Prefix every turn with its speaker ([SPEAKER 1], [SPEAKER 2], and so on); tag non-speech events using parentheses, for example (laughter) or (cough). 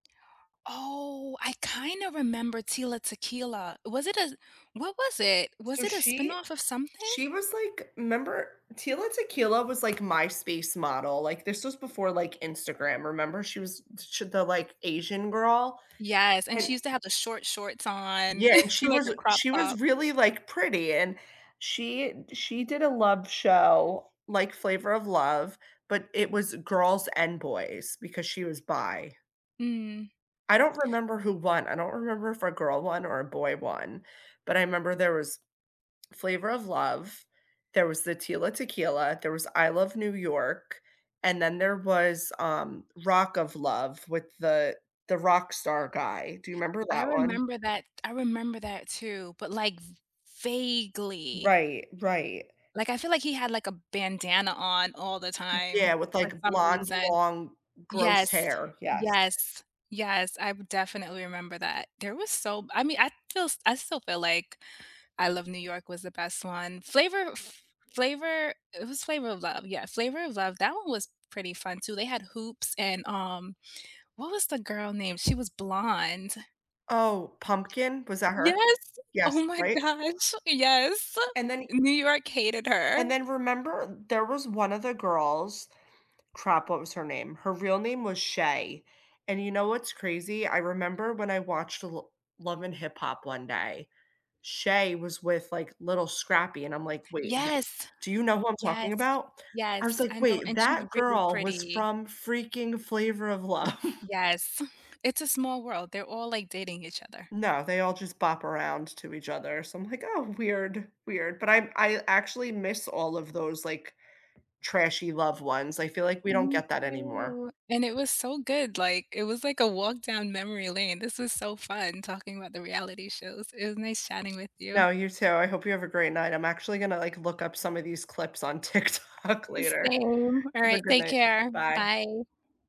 [SPEAKER 1] Oh, I kinda remember Tila Tequila. Was it a what was it? Was
[SPEAKER 2] So
[SPEAKER 1] it a
[SPEAKER 2] she
[SPEAKER 1] spinoff of something?
[SPEAKER 2] she was, like 'member Tila Tequila was, like, MySpace model, like, this was before, like, Instagram, remember? She was ch the, like, Asian girl,
[SPEAKER 1] Yes, and she
[SPEAKER 2] and
[SPEAKER 1] used to have the short shorts on.
[SPEAKER 2] Yeah, and
[SPEAKER 1] (laughs)
[SPEAKER 2] she
[SPEAKER 1] Like,
[SPEAKER 2] was
[SPEAKER 1] a
[SPEAKER 2] a
[SPEAKER 1] crop
[SPEAKER 2] she was
[SPEAKER 1] top
[SPEAKER 2] really, like, pretty and she d she did a love show, like, Flavor of Love, but it was girls and boys, because she was bi.
[SPEAKER 1] Mm.
[SPEAKER 2] I don't remember who won. I don't remember if a girl won, or a boy won, but I 'member there was Flavor of Love, there was the Tila Tequila, there was I Love New York, and then there was, um, Rock of Love with the the rockstar guy. Do you remember
[SPEAKER 1] I
[SPEAKER 2] that one?
[SPEAKER 1] remember that t I remember that, too, but, like, v vaguely.
[SPEAKER 2] Right, right.
[SPEAKER 1] Like, I feel like he had, like, a bandana on all the
[SPEAKER 2] Yeah,
[SPEAKER 1] time
[SPEAKER 2] with,
[SPEAKER 1] for
[SPEAKER 2] like,
[SPEAKER 1] some
[SPEAKER 2] blonde,
[SPEAKER 1] reason.
[SPEAKER 2] long, gross
[SPEAKER 1] Yes.
[SPEAKER 2] hair, yes.
[SPEAKER 1] Yes. Yes, I would definitely remember that. There was so I mean, I feel s I still feel like I Love New York was the best one. Flavor Fl Flavor it was Flavor of Love, yeah, Flavor of Love, that one was pretty fun, too. They had Hoops, and, um, what was the girl name? She was blonde.
[SPEAKER 2] Oh, Pumpkin? Was that her?
[SPEAKER 1] Yes!
[SPEAKER 2] Yes,
[SPEAKER 1] Oh my
[SPEAKER 2] right?
[SPEAKER 1] gosh, yes.
[SPEAKER 2] And then he
[SPEAKER 1] New York hated
[SPEAKER 2] And
[SPEAKER 1] her.
[SPEAKER 2] then remember, there was one of the girls crap, what was her name? Her real name was Shay, and you know what's crazy, I remember when I watched the Lo Love and Hip Hop one day, Shay was with, like, Lil Scrappy, and I'm like, wait the
[SPEAKER 1] Yes!
[SPEAKER 2] Do you know who I'm talking
[SPEAKER 1] Yes.
[SPEAKER 2] about? I was
[SPEAKER 1] Yes,
[SPEAKER 2] like,
[SPEAKER 1] I know,
[SPEAKER 2] "Wait,
[SPEAKER 1] and she's
[SPEAKER 2] that
[SPEAKER 1] really
[SPEAKER 2] girl was
[SPEAKER 1] pretty.
[SPEAKER 2] from freaking Flavor of Love.“
[SPEAKER 1] Yes. It's a small world, they're all, like, dating each other.
[SPEAKER 2] No, they all just bop around to each other, so I'm like, "Oh, weird, weird," but I'm I actually miss all of those, like, trashy love ones, I feel like we don't
[SPEAKER 1] Me
[SPEAKER 2] get that anymore.
[SPEAKER 1] too. And it was so good, like, it was, like, a walk down memory lane, this was so fun talking about the reality shows. It was nice chatting with you.
[SPEAKER 2] No, you too, I hope you have a great night. I'm actually gonna, like, look up some of these clips on TikTok later.
[SPEAKER 1] Same.
[SPEAKER 2] Have a
[SPEAKER 1] Alright,
[SPEAKER 2] good
[SPEAKER 1] take
[SPEAKER 2] night.
[SPEAKER 1] care,
[SPEAKER 2] Bye.
[SPEAKER 1] bye.